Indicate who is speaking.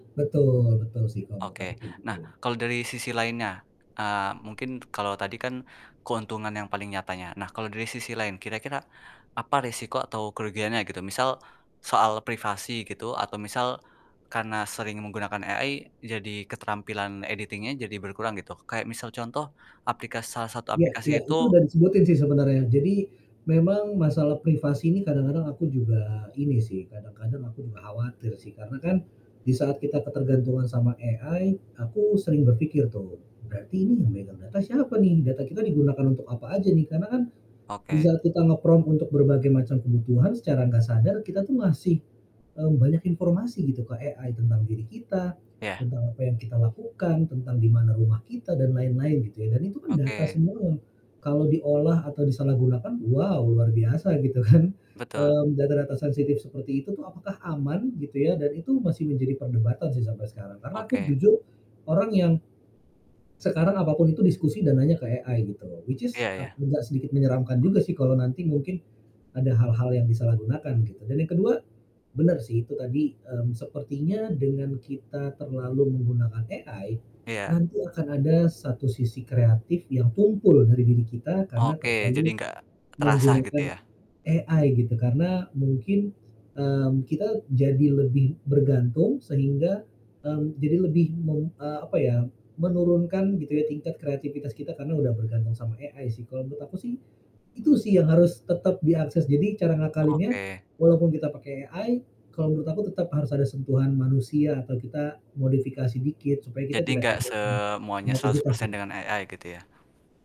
Speaker 1: Betul betul sih, kalo menurut aku
Speaker 2: Oke,
Speaker 1: sih kayak gitu
Speaker 2: nah
Speaker 1: ya.
Speaker 2: kalau dari sisi lainnya, eee, mungkin kalau tadi kan keuntungan yang paling nyatanya. Nah kalau dari sisi lain, kira-kira apa risiko atau kerugiannya gitu? Misal soal privasi gitu atau misal karena sering menggunakan AI jadi keterampilan editing-nya jadi berkurang gitu. Kayak misal contoh aplikas salah satu
Speaker 1: Iya
Speaker 2: aplikasi
Speaker 1: iya. Itu
Speaker 2: itu
Speaker 1: udah disebutin sih sebenarnya, jadi memang masalah privasi ini kadang-kadang aku juga ini sih, kadang kadang aku juga khawatir sih. Karena kan di saat kita ketergantungan sama AI aku sering berpikir tuh, "Berarti ini yang megang data siapa nih? Data kita digunakan untuk apa aja nih?" Karena kan di
Speaker 2: Oke.
Speaker 1: saat kita nge-prompt untuk berbagai macam kebutuhan, secara nggak sadar kita tuh ngasih, eee, banyak informasi gitu ke AI tentang diri kita,
Speaker 2: Iya.
Speaker 1: tentang apa yang kita lakukan, tentang di mana rumah kita, dan lain-lain gitu ya dan itu kan data
Speaker 2: Oke.
Speaker 1: semua. Kalau diolah atau disalahgunakan, wow luar biasa gitu kan.
Speaker 2: Betul.
Speaker 1: Mmm, data-data sensitif seperti itu tuh apakah aman gitu ya dan itu masih menjadi perdebatan sih sampai sekarang, karena aku
Speaker 2: Oke.
Speaker 1: jujur orang yang sekarang apa pun itu diskusi dan nanya ke AI gitu. Which is
Speaker 2: Iya
Speaker 1: ap
Speaker 2: iya.
Speaker 1: agak sedikit menyeramkan juga sih kalau nanti mungkin ada hal-hal yang disalahgunakan gitu. Dan yang ke-2, benar sih itu tadi, mmm, sepertinya dengan kita terlalu menggunakan AI,
Speaker 2: Iya.
Speaker 1: nanti akan ada satu sisi kreatif yang tumpul dari diri kita karena
Speaker 2: Oke, jadi
Speaker 1: terlalu
Speaker 2: enggak terasa gitu
Speaker 1: menggunakan
Speaker 2: ya?
Speaker 1: AI gitu. Karena mungkin, mmm, kita jadi lebih bergantung sehingga, mmm, jadi lebih mem eee, apa ya, menurunkan gitu ya tingkat kreativitas kita karena udah bergantung sama AI sih. Kalau menurut aku sih itu sih yang harus tetap diakses, jadi cara ngakalinnya
Speaker 2: Oke.
Speaker 1: walaupun kita pakai AI, kalau menurut aku tetap harus ada sentuhan manusia atau kita modifikasi dikit supaya kita
Speaker 2: Jadi
Speaker 1: tidak
Speaker 2: enggak
Speaker 1: kehilangan
Speaker 2: semuanya seratus
Speaker 1: kreativitas
Speaker 2: persen
Speaker 1: gitu.
Speaker 2: dengan AI gitu ya?